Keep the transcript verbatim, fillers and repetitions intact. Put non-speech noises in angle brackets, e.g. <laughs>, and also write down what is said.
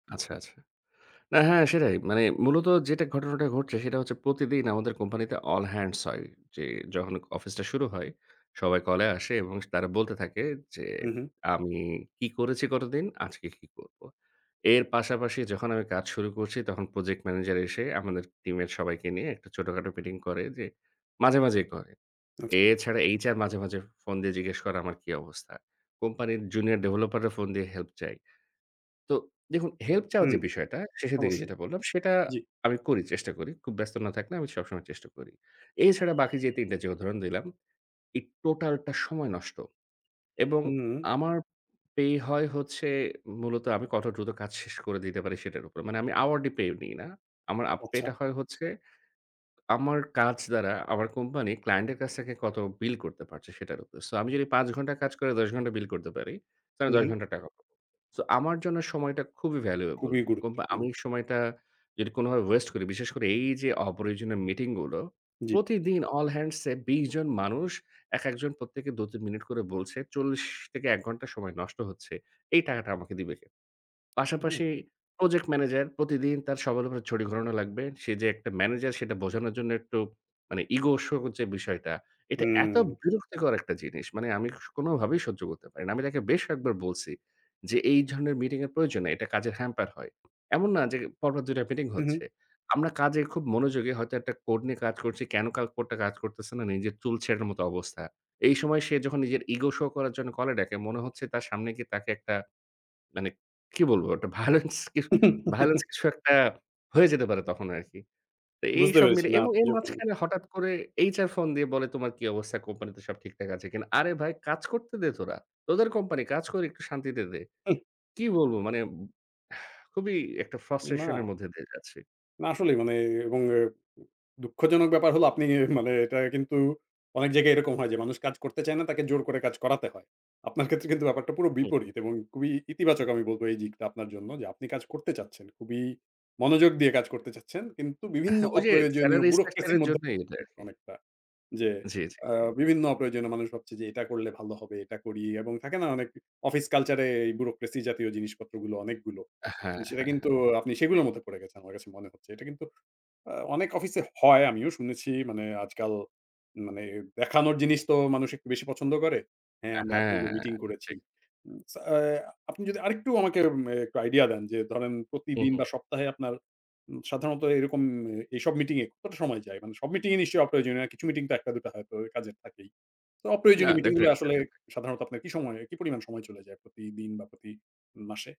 আচ্ছা, আচ্ছা। না, হ্যাঁ, সেটাই। মানে মূলত যেটা ঘটনাটা ঘটছে, সেটা হচ্ছে প্রতিদিন আমাদের কোম্পানিতে all hands হয়। যে যখন অফিসটা শুরু হয়, সবাই কলে আসে এবং তারা বলতে থাকে যে, হু, হু। আমি কি করেছি গতদিন? আজকে কি করবো? এর পাশাপাশি, যখন আমি কাজ শুরু করছি, তখন প্রজেক্ট ম্যানেজার এসে আমাদের টিমের সবাইকে নিয়ে একটা ছোটখাটো মিটিং করে, যে মাঝে, মাঝেই করে। আচ্ছা। এছাড়া HR মাঝে, মাঝে ফ ফোন দিয়ে জিজ্ঞেস করে আমার কি অবস্থা? কোম্পানির জুনিয়র ডেভেলপাররা ফোন দিয়ে হেল্প চায়। তো দেখুন, হেল্প চাওয়া হুম, যে বিষয়টা, শেষের দিকে অবশ্যই। যেটা বললাম, সেটা জি। আমি করি, চেষ্টা করি। খুব ব্যস্ত না থাকলে আমি সবসময় চেষ্টা করি। এছাড়া বাকি যে তিন টা যে উদাহরণ দিলাম, এই টোটালটা সময় নষ্ট। এবং হুম। আমার পে হয় হচ্ছে মূলত আমি কত দ্রুত কাজ শেষ করে দিতে পারি সেটার উপর। মানে আমি আওয়ার্ডলি পে নিই না। আমার আপ পে আচ্ছা। টা হয় হচ্ছে আমার কাজ দ্বারা আমার কোম্পানি ক্লায়েন্টের কাছ থেকে কত বিল করতে পারছে, সেটার উপর। সো আমি যদি পাঁচ ঘন্টা কাজ করে দশ ঘন্টা বিল করতে পারি, তাহলে হু, দশ হু। ঘন্টার টাকা পাবো। সো আমার জন্য সময়টা খুবই ভ্যালুয়েবল। খুবই কোম্পা গুরুত্বপূর্ণ। আমি সময়টা যদি কোনভাবে ওয়েস্ট করি, বিশেষ করে এইযে অপ্রয়োজনীয় মিটিংগুলো, জি। প্রতিদিন all hands এ বিশ জন মানুষ, একেকজন প্রত্যেকে দু-তিন মিনিট করে বলছে, চল্লিশ থেকে এক ঘণ্টা সময় নষ্ট হচ্ছে। এই টাকাটা আমাকে দিবে কে? হুম। পাশাপাশি প্রজেক্ট ম্যানেজার, প্রতিদিন তার সবার উপরে ছড়ি ঘোরানো লাগবে। সে যে একটা ম্যানেজার, সেটা বোঝানোর জন্য একটু মানে ইগো শো হচ্ছে যে বিষয়টা, এটা এত হুম। বিরক্তিকর একটা জিনিস। মানে আমি স কোনভাবেই সহ্য করতে পারি না। আমি তাকে বেশ কয়েকবার বলছি যে, এই ঝরনের মিটিংয়ের প্রয়োজন নেই। এটা কাজের হ্যাম্পার হয়। এমন না যে, পরপর দুই টা মিটিং হুম, হুম। হচ্ছে। আমরা কাজে খুব মনোযোগী, হয়তো একটা কোড নিয়ে কাজ করছি, কেন কা কোডটা কাজ করতেছে না, নিজের চুল ছেড়ার মতো অবস্থা। এই সময় সে যখন নিজের ইগো শো করার জন্য কলে ডাকে, মনে হচ্ছে তার সামনে গিয়ে তাকে একটা মানে কি বলবো? একটা ভায়োলেন্স কি ভায়োলেন্স <laughs> কিছু একটা হয়ে যেতে পারে তখন আরকি। তো বুঝতে এইসব পেরেছি। মিলে না, এবং আপনি এর যখন মাঝখানে হঠাৎ করে HR ফোন দিয়ে বলে, "তোমার কী অবস্থা? কোম্পানিতে সব ঠিকঠাক আছে কিনা?" আরে ভাই, কাজ করতে দে তোরা। তোদের কোম্পানি। কাজ করি একটু শান্তিতে দে। হুহ। কী বলবো? মানে, উব <sighs> খুবই একটা ফ্রাস্ট্রেশন না। এর মধ্যে দিয়ে যাচ্ছি। না, আসলেই মানে এ এবং দুঃখজনক ব্যাপার হলো, আপনি মানে এটা কিন্তু অনেক জায়গায় এরকম হয় যে, মানুষ কাজ করতে চায় না, তাকে জোর করে কাজ করাতে হয়। আপনার ক্ষেত্রে কিন্তু ব্যাপারটা পুরো হুম। বিপরীত এবং খুবই ইতিবাচক আমি বলবো এই দিকটা আপনার জন্য যে, আপনি কাজ করতে চাচ্ছেন। খুবই মনোযোগ দিয়ে কাজ করতে চাচ্ছেন। কিন্তু বিভিন্ন হা ঐযে অপ্রয়োজনীয় স্যালারি bureaucracy এর স্ট্রাকচারের মধ্যে জন্যে, এটা <unintelligible> আরকি। অনেকটা যে, জি, জি, আ জি। বিভিন্ন অপ্রয়োজনীয় মানুষ ভাবছে যে এটা করলে ভালো হবে, এটা করি। এবং থাকে না? অনেক অফিস কালচারে bureaucracy জাতীয় জিনিসপত্রগুলো, অনেকগুলো। আ হ্যাঁ। সেটা হ্যাঁ, কিন্তু হ্যাঁ। আপনি সেগুলোর মধ্যে পড়ে গেছেন, আমার কাছে মনে হচ্ছে। এটা কিন্তু আ অনেক অফিসে হয়, আমিও শুনেছি। মানে আজকাল মানে দেখানোর জিনিস তো মানুষ একটু বেশি পছন্দ করে। হ্যাঁ, আ আমরা হ্যাঁ, এতগুলো মিটিং ঠিক। করেছি। উম সা আপনি যদি আরেকটু আমাকে মে একটু আইডিয়া দেন যে, ধরেন হুঁ, প্রতিদিন হুঁ। বা, সপ্তাহে আপনার উ সাধারণত এরকম এ এইসব মিটিংয়ে কতটা সময় যায়? মানে, সব মিটিংয়ে নিশ্চয়ই অপ্রয়োজনীয় না, কিছু মিটিং তো এক টা, দু টা হয়তো কাজের থাকেই। তো না, অপ্রয়োজনীয় মিটিংগুলো ডেফিনেটলি আসলে কাজের থাকে। সাধারণত আপনার কি সময় কি পরিমাণ সময় চলে যায় প্রতিদিন বা, প্রতি মাসে?